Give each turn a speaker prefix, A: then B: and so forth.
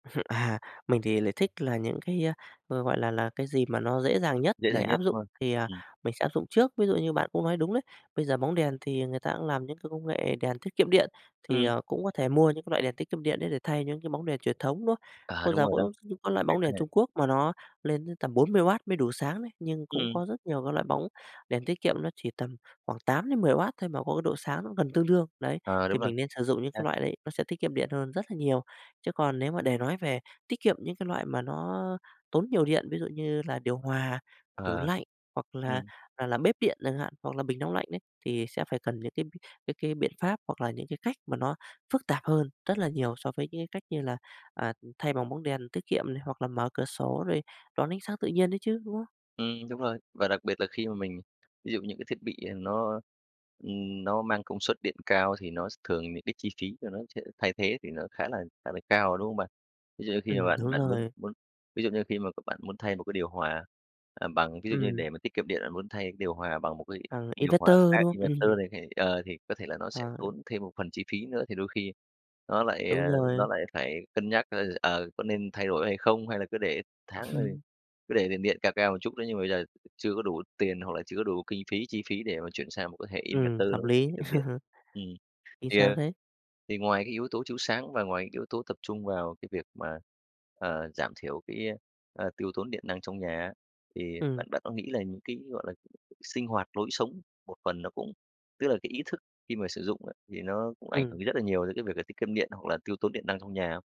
A: À, mình thì lại thích là những cái, a, g gọi là là, cái gì mà nó dễ dàng nhất
B: Dễ
A: để
B: dàng
A: áp
B: nhất
A: dụng
B: [unintelligible]
A: thì, à,
B: ừm.
A: mình sẽ áp dụng trước. Ví dụ như bạn cũng nói đúng đấy, bây giờ bóng đèn thì người ta cũng làm những cái công nghệ đèn tiết kiệm điện, thì,
B: Ừm.
A: ờ, cũng có thể mua những cái loại đèn tiết kiệm điện đấy để thay những cái bóng đèn truyền thống, đúng không?
B: À,
A: Vô
B: đúng
A: giờ
B: rồi đó,
A: cũng có loại
B: thấy
A: bóng
B: cái
A: đèn
B: này
A: Trung Quốc mà nó lên đến tầm 40W mới đủ sáng đấy, nhưng cũng
B: Ừm.
A: có rất nhiều cái loại bóng đèn tiết kiệm, nó chỉ tầm khoảng 8-10W thôi mà có độ sáng nó gần tương đương, đấy.
B: Ờ,
A: Thì
B: đúng rồi
A: mình nên sử dụng những cái
B: ha.
A: loại đấy, nó sẽ tiết kiệm điện hơn rất là nhiều, chứ còn nếu mà để nói về tiết kiệm những cái loại mà nó tốn nhiều điện, ví dụ như là điều hòa, tủ
B: À,
A: lạnh hoặc là,
B: ừm.
A: ờ, làm bếp điện chẳng hạn hoặc là bình nóng lạnh ấy, thì sẽ phải cần những cái cái cái biện pháp hoặc là những cái cách mà nó phức tạp hơn rất là nhiều so với những cái cách như là, à, thay bằng bóng đèn tiết kiệm này hoặc là mở cửa sổ rồi đón ánh sáng tự nhiên đấy chứ, đúng không?
B: Ừm, đúng rồi. Và đặc biệt là khi mà mình ví dụ những cái thiết bị, ừ, nó, ừm, nó mang công suất điện cao thì nó sẽ thường những cái chi phí cho nó sẽ thay thế thì nó khá là khá là cao, đúng không bạn? Ví dụ như khi mà
A: Ừm, đúng
B: bạn bạn muốn
A: rồi.
B: muốn ví dụ như khi mà c bạn muốn thay một cái điều hòa, à, bằng ví dụ như
A: Ừm.
B: để mà tiết kiệm điện, bạn muốn thay cái điều hòa bằng một cái
A: Thằng
B: điều hòa
A: inverter
B: khác
A: đúng không?
B: inverter
A: Ừm.
B: này [unintelligible] ờ, thì có thể là nó sẽ
A: Ờ.
B: tốn thêm một phần chi phí nữa thì đôi khi nó lại,
A: Đúng
B: ờ,
A: rồi.
B: nó lại phải cân nhắc, ơ, ờ, có nên thay đổi hay không? Hay là cứ để tháng rồi cứ để tiền điện cao cao một chút đó, nhưng mà bây giờ chưa có đủ tiền hoặc là chưa có đủ kinh phí, chi phí để mà chuyển sang một cái hệ
A: Ừm,
B: inverter
A: hợp
B: nó có thể
A: lý.
B: tiết kiệm điện. Ừm,
A: Vì
B: thì,
A: sao
B: ờ,
A: thế?
B: thì ngoài cái yếu tố chiếu sáng và ngoài cái yếu tố tập trung vào cái việc mà, ờ, giảm thiểu cái, ờ, tiêu tốn điện năng trong nhà á thì
A: Ừm.
B: bạn bạn có nghĩ là những cái, gọi là, sinh hoạt lối sống một phần nó cũng tức là cái ý thức khi mà sử dụng á thì nó cũng ảnh hưởng
A: Ừm.
B: cái rất là nhiều đến cái việc là tiết kiệm điện hoặc là tiêu tốn điện năng trong nhà không?